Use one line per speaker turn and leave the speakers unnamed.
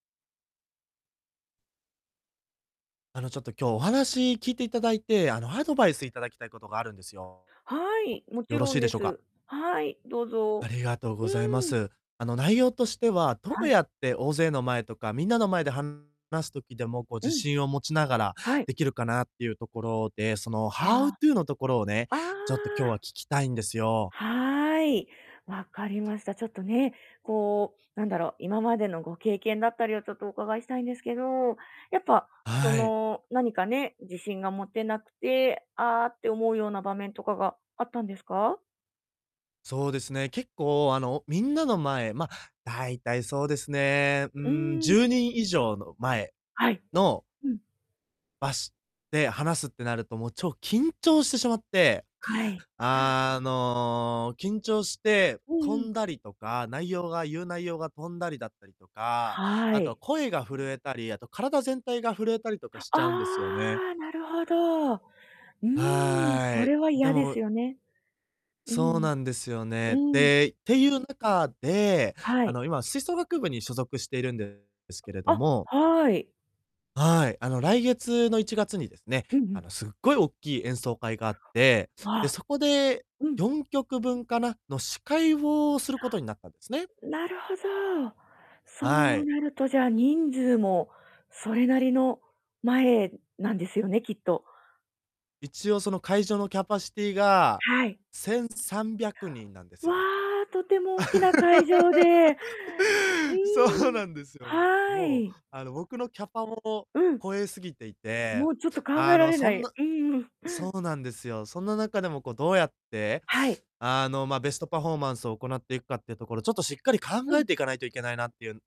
あの、ちょっと今日お話聞いていただいて、あの、アドバイスいただきたいことがあるんですよ。
はい、もち
よろ
ろ
し
ん
いで
で
しょうか？
す。はい、どう
あ
ぞ。
りがとう
う
ございま
ん。
す。あの、内容としては、ど
は
う
い。
やって大勢の前とか、みんなの前で話す時でも、こう
う
自
ん。
信を持ちながら、
はい。
出来るかなっていうところで、そのハ
あ
ウトゥのところをね、
あ。あ
ちょっと今日は聞
あ。
きたいんですよ。
はい。分かりました。ちょっとね、こう、なんだろう、今までのご経験だったりをちょっとお伺いしたいんですけど、やっぱ、そ
はい。
の何かね、自信が持てなくて、ああって思うような場面とかがあったんですか？
そうですね、結構、あの、おみんなの前ま、大体そうですね、う
うー
ん、
ん。
10人以上の前
はい。
の
うん。
ばしって話すってなると、もう超緊張してしまって、
はい。
あの、緊張して、
うん
飛
うん。
んだりとか内容が、言う内容が飛んだりだったりとか、
は
あとは
い。
声が震えたり、あと体全体が震えたりとかし
あ
ちゃうんですよね。
あ。なるほど。うーん、そ
はい、
れは
で
嫌です
も
よね。う
そう
ん、
なんですよ
う
ね。
ん。
で、っていう中で、
は
あ
い。
の、今吹奏楽部に所属しているんですけれど
あ、
も
はい。
はい。あの、来月の1月にですね、
うんう
あの、
ん。
すっごい大きい演奏会があって、
あ
で、
あ。
そこで
うん。
4曲分かなの司会をすることになったんですね。
なるほど。そ
は
う
い。
なると、じゃ、人数も、それなりの前なんですよね、きっと。
一応その会場のキャパシティが、
はい。
1,300人なんです
わ
よ。
あ、とても大きな会場 で。う
そう
ん、
なんですよ。
は
もう、
い。
あの、僕のキャパもを
うん。
超えすぎていて、
もうちょっと考え
あ
ら
の、
れ
そ
な
ん
い、
な
うんうん。
そうなんですよ。そんな中でも、こうどうやって、
はい。
あの、ま、ベストパフォーマンスを行っていくかっていうところ、ちょっとしっかり考
う
え
ん。
ていかないといけないなっていう